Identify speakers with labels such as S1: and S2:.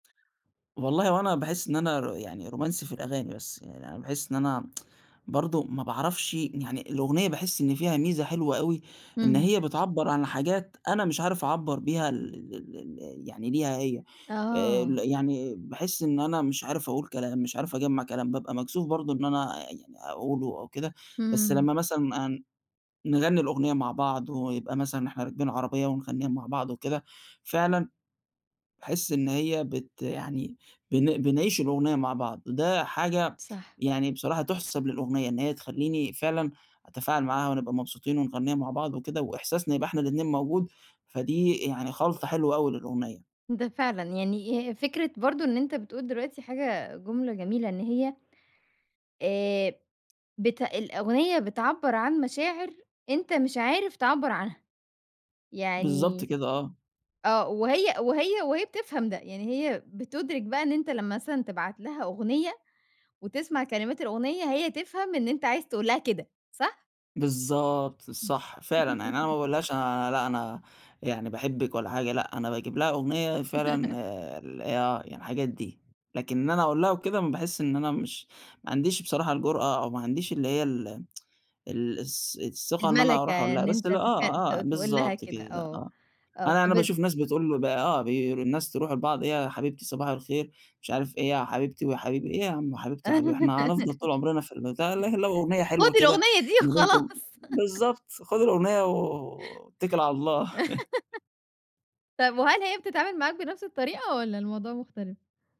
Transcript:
S1: والله هو أنا باحِسّ إن أنا يعني رومانسي في الأغاني بس، يعني أنا باحِسّ إن أنا برضه ما باعرفش يعني الأغنية باحِسّ إن فيها ميزة حلوة أوي، إن
S2: إمم.
S1: هي بتعبَّر عن حاجات أنا مش عارف أعبَّر بيها ال ال ال ال يعني ليها هي، آآ
S2: آه.
S1: ال يعني باحِسّ إن أنا مش عارف أقول كلام، مش عارف أجمّع كلام، بابقى مكسوف برضه إن أنا يعني أقولُه أو كده، بس
S2: إمم.
S1: لمّا مثلًا آآ نغنِّي الأغنية مع بعض، ويبقى مثلًا إحنا راكبين عربية ونغنِّيها مع بعض وكده، فعلًا باحِسّ إن هي بت يعني بن بنعيش الأغنية مع بعض، وده حاجة
S2: صح.
S1: يعني بصراحة تُحسب للأغنية، إن هي تخلّيني فعلًا أتفاعل معاها، ونبقى مبسوطين ونغنِّيها مع بعض وكده، وإحساسنا يبقى إحنا الاتنين موجود، فدي يعني خلطة حلوة أوي للأُغنية.
S2: ده فعلًا، يعني آآ فكرة برضه إن أنت بتقول دلوقتي حاجة جُملة جميلة، إن هي آآ بت الأُغنية بتعَبَّر عن مشاعر أنت مش عارف تعَبَّر عنها،
S1: بالضبط
S2: يعني
S1: كده، آه.
S2: آه، وهي وهي وهي بتفهم ده، يعني هي بتُدرِك بقى إن أنت لمّا مثلًا تبعت لها أُغنية، وتسمع كلمات الأُغنية، هي تفهم إن أنت عايز تقول لها كده صح؟
S1: بالضبط،
S2: إمم.
S1: صح فعلًا يعني أنا ما باقول لهاش أنا لأ، أنا يعني باحبك ولا حاجة، لأ، أنا باجيب لها أغنية فعلًا آآ ال آه، يعني الحاجات دي، لكن إن أنا أقول لها وكده، باحِسّ إن أنا مش ما عنديش بصراحة الجرأة، أو ما عنديش اللي هي ال ال الث الثِّقة إن أنا
S2: المَلكة،
S1: أروح أقول
S2: يعني
S1: لها،
S2: إن
S1: بس
S2: أنت
S1: ل
S2: تتك ت
S1: آه، آه،
S2: تقول لها
S1: بالضبط
S2: كده
S1: كده
S2: آه،
S1: آه،
S2: آه
S1: أنا أنا
S2: فبت
S1: باشوف ناس بتقول آه، بي آآ الناس يروحوا لبعض إيه يا حبيبتي صباح الخير، مش عارف إيه يا حبيبتي ويا حبيبي، إيه يا عم حبيبتي وحبيبي، إحنا هنفضل طول عمرنا في البتاع، لكن لو أُغنية حلوة
S2: خُدي
S1: كده
S2: الأُغنية دي
S1: ما بينكم،
S2: وخلاص.
S1: بالضبط خُد الأغنية و اتَّكِل على الله.
S2: طب وهل هي بتتعامل معاك بنفس الطريقة، والَّا الموضوع مُختلف؟